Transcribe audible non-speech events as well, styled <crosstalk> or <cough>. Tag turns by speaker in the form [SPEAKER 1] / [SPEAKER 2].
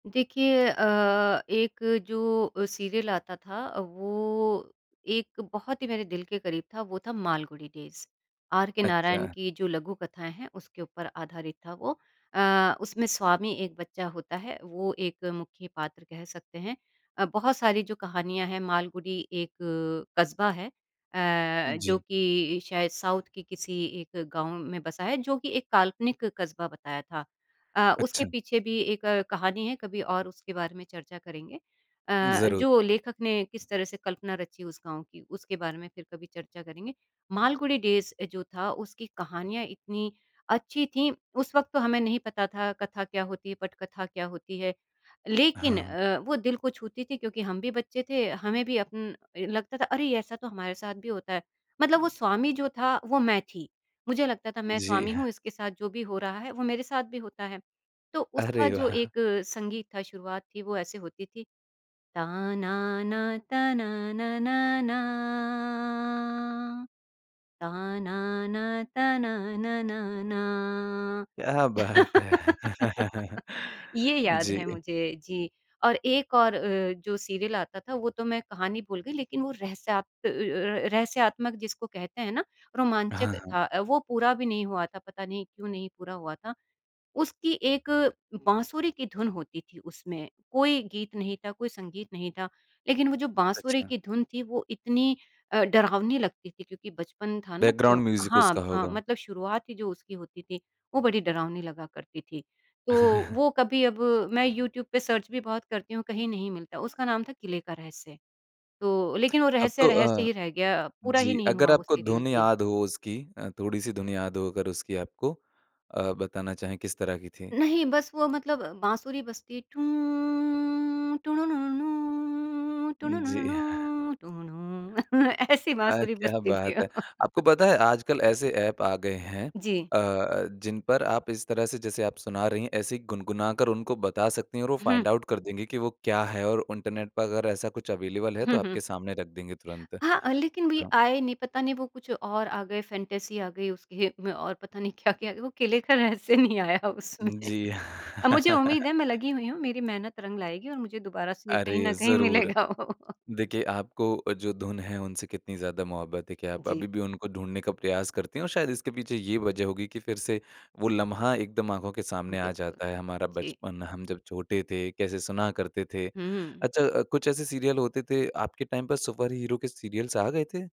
[SPEAKER 1] देखिए अ, एक जो सीरियल आता था वो एक बहुत ही मेरे दिल के करीब था, वो था मालगुड़ी डेज़ आर के नारायण
[SPEAKER 2] अच्छा।
[SPEAKER 1] की जो लघु कथाएँ हैं, उसके ऊपर आधारित था वो। अ, उसमें स्वामी एक बच्चा होता है, वो एक मुख्य पात्र कह सकते हैं अ, बहुत सारी जो कहानियाँ हैं मालगुड़ी एक कस्बा है। अ, जो
[SPEAKER 2] जी।
[SPEAKER 1] कि शायद साउथ के किसी एक गाँव में बसा है जो कि एक काल्पनिक कस्बा बताया था। अ, उसके
[SPEAKER 2] अच्छा।
[SPEAKER 1] पीछे भी एक कहानी है, कभी और उसके बारे में चर्चा करेंगे। अ,
[SPEAKER 2] ज़रूर।
[SPEAKER 1] जो लेखक ने किस तरह से कल्पना रची उस गाँव की, उसके बारे में फिर कभी चर्चा करेंगे। मालगुड़ी डेज़ जो था उसकी कहानियाँ इतनी अच्छी थी, उस वक़्त तो हमें नहीं पता था कथा क्या होती है? पटकथा क्या होती है? लेकिन
[SPEAKER 2] हाँ।
[SPEAKER 1] अ, वो दिल को छूती थी क्योंकि हम भी बच्चे थे हमें भी अप उम, लगता था अरे ऐसा तो हमारे साथ भी होता है, मतलब वो स्वामी जो था, वो मैं थी मुझे लगता था मैं
[SPEAKER 2] जी
[SPEAKER 1] स्वामी
[SPEAKER 2] हाँ।
[SPEAKER 1] हूँ, इसके साथ जो भी हो रहा है वो मेरे साथ भी होता है। तो उसका
[SPEAKER 2] अरे
[SPEAKER 1] जो एक
[SPEAKER 2] वाह!
[SPEAKER 1] संगीत था शुरुआत थी वो ऐसे होती थी। ता नाना ताना नाना ना, ता नाना ताना नाना ना।
[SPEAKER 2] क्या बात है।
[SPEAKER 1] <laughs>
[SPEAKER 2] <chuckles>
[SPEAKER 1] ये याद है
[SPEAKER 2] जी।
[SPEAKER 1] मुझे, जी और एक और अ, जो सीरियल आता था वो तो मैं कहानी भूल गई, लेकिन वो रहस्यात अ अ, रहस्यात्मक जिसको कहते हैं ना,
[SPEAKER 2] हाँ,
[SPEAKER 1] रोमांचक
[SPEAKER 2] हाँ।
[SPEAKER 1] था। वो पूरा भी नहीं हुआ था, पता नहीं क्यों नहीं पूरा हुआ था। उसकी एक बाँसुरी की धुन होती थी उसमें कोई गीत नहीं था, कोई संगीत नहीं था, लेकिन वो जो बाँसुरी
[SPEAKER 2] अच्छा।
[SPEAKER 1] की धुन थी, वो इतनी अ, डरावनी लगती थी क्योंकि बचपन था ना तो
[SPEAKER 2] बैकग्राउंड म्यूजिक उसका
[SPEAKER 1] हाँ, हाँ,
[SPEAKER 2] होगा।
[SPEAKER 1] मतलब शुरुआत ही जो उसकी होती थी वो बड़ी डरावनी लगा करती थी। तो
[SPEAKER 2] <chuckles>
[SPEAKER 1] वो कभी अब मैं यूट्यूब पे सर्च भी बहुत करती हूँ कहीं नहीं मिलता, उसका नाम था किले का रहस्य। तो लेकिन वो
[SPEAKER 2] अब
[SPEAKER 1] रहस्य
[SPEAKER 2] तो
[SPEAKER 1] रहस्य
[SPEAKER 2] अ,
[SPEAKER 1] ही रह गया पूरा ही
[SPEAKER 2] जी,
[SPEAKER 1] नहीं
[SPEAKER 2] अगर
[SPEAKER 1] हुआ वो
[SPEAKER 2] आपको
[SPEAKER 1] सीरियल
[SPEAKER 2] धुन
[SPEAKER 1] जी।
[SPEAKER 2] याद हो उसकी अ, थोड़ी-सी धुन याद हो अगर उसकी आपको अ, बताना चाहें किस तरह की थी?
[SPEAKER 1] नहीं, बस वो मतलब अ, बाँसुरी बजती टुँ टुँनु नुनु नुँ, टुँनु नुनु
[SPEAKER 2] जी।
[SPEAKER 1] नुँ टुँनु। <chuckles> ऐसी
[SPEAKER 2] अ,
[SPEAKER 1] बाँसुरी
[SPEAKER 2] क्या
[SPEAKER 1] बजती थी।
[SPEAKER 2] बात है। आपको पता है आजकल ऐसे एप आ गए हैं
[SPEAKER 1] जी।
[SPEAKER 2] अ अ, जिन पर आप इस तरह से जैसे आप सुना रही हैं, ऐसे ही गुनगुनाकर उनको बता सकती हैं और वो
[SPEAKER 1] हुँ।
[SPEAKER 2] फाइंड आउट कर देंगे कि वो क्या है? और इंटरनेट पर अगर ऐसा कुछ अवेलेबल है तो
[SPEAKER 1] हुँ, हुँ।
[SPEAKER 2] आपके सामने रख देंगे तुरंत।
[SPEAKER 1] हाँ, अ, लेकिन वही
[SPEAKER 2] हाँ।
[SPEAKER 1] आए नहीं, पता नहीं वो कुछ और आ गए फैंटेसी आ गई उस खेत में और पता नहीं क्या-क्या, वो किले का रहस्य नहीं आया उसमें
[SPEAKER 2] जी
[SPEAKER 1] अ, मुझे उम्मीद है
[SPEAKER 2] <laughs>
[SPEAKER 1] मैं लगी हुई हूँ, मेरी मेहनत रंग लाएगी और मुझे दोबारा से कहीं न
[SPEAKER 2] अरे!
[SPEAKER 1] कहीं
[SPEAKER 2] ज़रूर।
[SPEAKER 1] मिलेगा वो।
[SPEAKER 2] देखिए आपको जो धुन है, उनसे कितनी ज़्यादा मोहब्बत है कि आप
[SPEAKER 1] जी।
[SPEAKER 2] अभी भी उनको ढूँढने का प्रयास करती है और शायद इसके पीछे ये वज़ह होगी कि फिर से वो लम्हा एकदम आँखों के सामने आ
[SPEAKER 1] बिल्कुल।
[SPEAKER 2] जाता है, हमारा
[SPEAKER 1] जी।
[SPEAKER 2] बचपन हम जब छोटे थे, कैसे सुना करते थे।
[SPEAKER 1] हुँ।
[SPEAKER 2] अच्छा कुछ ऐसे सीरियल होते थे, आपके टाइम पे सुपर हीरो के सीरियल्स आ गए थे?